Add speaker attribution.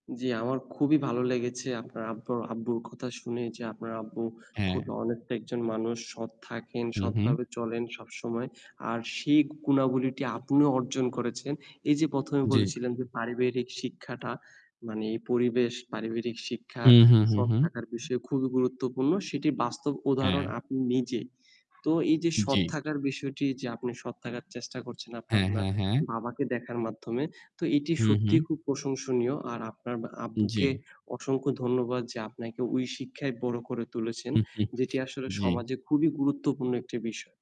Speaker 1: জ্বি, আমার খুবই ভালো লেগেছে আপনার আব্বর আব্বুর কথা শুনে যে আপনার আব্বু খুব
Speaker 2: হ্যাঁ।
Speaker 1: honest একজন মানুষ। সৎ থাকেন,
Speaker 2: হু, হু।
Speaker 1: সৎভাবে চলেন সবসময়। আর সেই গুণাবলিটি আপনিও অর্জন করেছেন। এইযে ১ম এ
Speaker 2: জ্বী।
Speaker 1: বলেছিলেন যে পারিবারিক শিক্ষাটা মানে এই পরিবেশ, পারিবারিক শিক্ষা,
Speaker 2: হু, হু, হু,
Speaker 1: সৎ
Speaker 2: হু।
Speaker 1: থাকার বিষয়ে খুবই গুরুত্বপূর্ণ। সেটি বাস্তব উদাহরণ
Speaker 2: হ্যাঁ।
Speaker 1: আপনি নিজেই। তো এইযে সৎ
Speaker 2: জ্বি।
Speaker 1: থাকার বিষয়টি যে আপনি সৎ থাকার চেষ্টা করছেন আপনার
Speaker 2: হ্যাঁ,
Speaker 1: ম্যা
Speaker 2: হ্যাঁ, হ্যাঁ।
Speaker 1: বাবাকে দেখার মাধ্যমে, তো এটি
Speaker 2: হু, হু।
Speaker 1: সত্যিই খুব প্রশংসনীয়। আর আপনার
Speaker 2: উ
Speaker 1: আব্বুকে
Speaker 2: জ্বি।
Speaker 1: অসংখ্য ধন্যবাদ যে আপনাকে ওই শিক্ষায় বড় করে তুলেছেন যেটি আসলে
Speaker 2: জ্বি।
Speaker 1: সমাজে খুবই গুরুত্বপূর্ণ একটি বিষয়।